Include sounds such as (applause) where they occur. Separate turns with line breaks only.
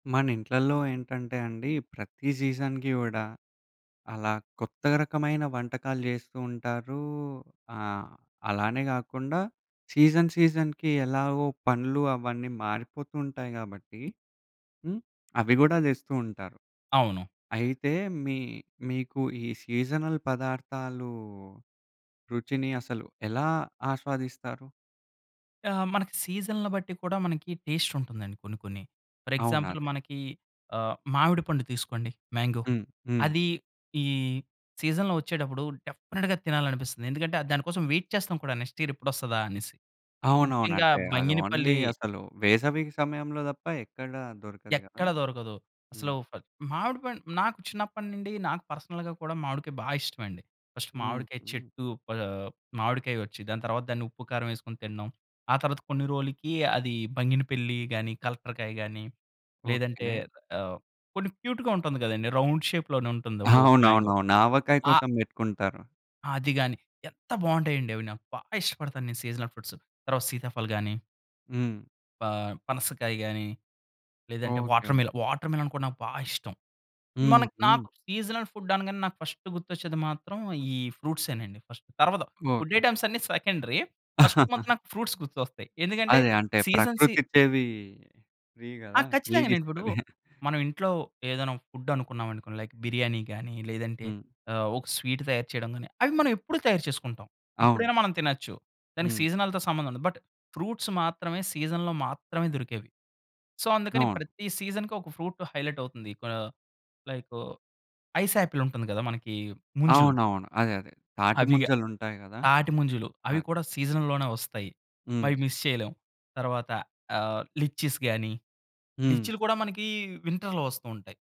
మన ఇంట్లల్లో ఏంటంటే అండి, ప్రతి సీజన్‌కి గూడా, అలా కొత్త రకమైన వంటకాలు జేస్తూ ఉంటారు. ఆహ్, అలానే గాకుండా సీజన్, సీజన్‌కి ఎలాగో పనులు అవన్నీ మారిపోతూ ఉంటాయి గాబట్టి హ్మ్, అవి గూడా దెస్తూ ఉంటారు.
అవును.
అయితే, మీ మీకు ఈ సీజనల్ పదార్థాలు రుచిని అసలు, ఎలా ఆస్వాదిస్తారు?
ఆ! మనకి సీజన్‌‌ల బట్టి కూడా మనకి టేస్టుంటుందండి. కొన్ని, కొన్ని. ఫర్
అవును.
ఎగ్జాంపుల్
అదే.
మనకి ఆహ్, మావిడిపండు తీసుకోండి. మ్యాంగో.
హ్మ్, హ్మ్.
అదీ, ఈ సీజన్‌లో వచ్చేటప్పుడు డెఫినెట్‌గా తినాలనిపిస్తాది. ఎందుకంటే, ఆహ్, దాని కోసం వెయిట్ చేస్తాం కూడా నెక్స్ట్ ఇయర్ ఎప్పుడొస్తదా అనేసి.
అవునవును.
ముఖ్యంగా
అంటే, అది ఓన్లీ
బంగినపల్లి
అసలు వేసవి సమయంలో దప్పా ఎక్కడా దొరకదు గదా!
ఎక్కడా దొరకదు. అసలు
హ్మ్.
ఫ మావిడి పండు నాకు చిన్నప్పడినిండి, నాకు పర్సనల్‌గా కూడా మావిడికాయ బా ఇష్టమండి. ఫస్టు మావిడికాయ
హుహు.
చెట్టు ప మావిడికాయొచ్చి, దాని తర్వాత దాన్ని ఉప్పు, కారం యేసుకొని తినడం. ఆ తర్వాత కొన్ని రోలుకి అది బంగినపిల్లి గానీ, కలెక్టర్‌కాయ గానీ లేదంటే
ఓకే.
ఆహ్, కొన్ని క్యూట్‌గా ఉంటుంది గదండీ. రౌండ్ షేప్‌లోనే ఉంటుంది. ఒక, ఒక మ్యాంగో.
అవునవునవును. ఆవకాయ
ఆ
కోసం బెట్టుకుంటారు.
అది గాని, ఎంత బావుంటాయండి అవి నాకు, బా ఇష్టపడతాను నేను సీజనల్ ఫ్రూట్స్. తర్వాత, సీతాఫల్ గాని...
హ్మ్.
ప పనసకాయ గాని, లేదంటే
ఓకే. కెవ్
వాటర్‌మెల వాటర్‌మెలన్ కూడా నాకు బా ఇష్టం. మనక్
హుహు.
నాకు సీజనల్ ఫుడ్ అనగానే నాకు ఫస్టు గుర్తొచ్చేది మాత్రం, ఈ ఫ్రూట్సేనండి ఫస్ట్. తరువాత ఫుడ్
ఓకే.
ఐటెమ్స్ అన్ని సెకండరీ. ఫస్ట్ మాత్రం
(chuckles)
నాకు ఫ్రూట్స్ గుర్తొస్తాయి. ఎందుకంటే,
అదే. అంటే
సీజన్‌ సీ
ప్రకృతి ఇచ్చేవీ ఫ్రీ
ఆ!
గదా!
ఖచ్చితంగా. నేను ఇప్పుడు
ఫ్రీగిస్తది. (chuckles)
మనం ఇంట్లో ఏదైనా ఫుడ్డు అనుకున్నావనుకోండి. లైక్ బిర్యానీ గాని, లేదంటే
హ్మ్.
ఆహ్, ఒక స్వీట్ తయారు చేయడం గాని, అవి మనం ఎప్పుడూ తయారు చేసుకుంటాం.
అవును.
ఎప్పుడైనా మనం తినొచ్చు. దానికి
హ్మ్.
సీజనల్‌తో సంబంధం ఉండదు. బట్ ఫ్రూట్స్ మాత్రమే సీజన్‌లో మాత్రమే దొరికేవి. సో, అందుకని
అవును.
ప్రతి సీజన్‌కి ఒక ఫ్రూటు హైలైట్ అవుతుంది. లైకు, ఐసాపిలుంటుంది గదా! మనకీ ముంజులు.
అవునవును. అదే అదే.
అవిగా
తాటిముంజలుంటాయి గదా!
తాటిముంజలు.
ఆ!
అవి కూడా సీజన్‌ల్లోనే వస్తాయి.
హ్మ్.
అవి మిస్ చేయలేం. తర్వాత ఆహ్, లిచ్చిస్ గాని,
హ్మ్.
లిచ్చిలు కూడా మనకీ వింటర్‌లో వస్తూ ఉంటాయి.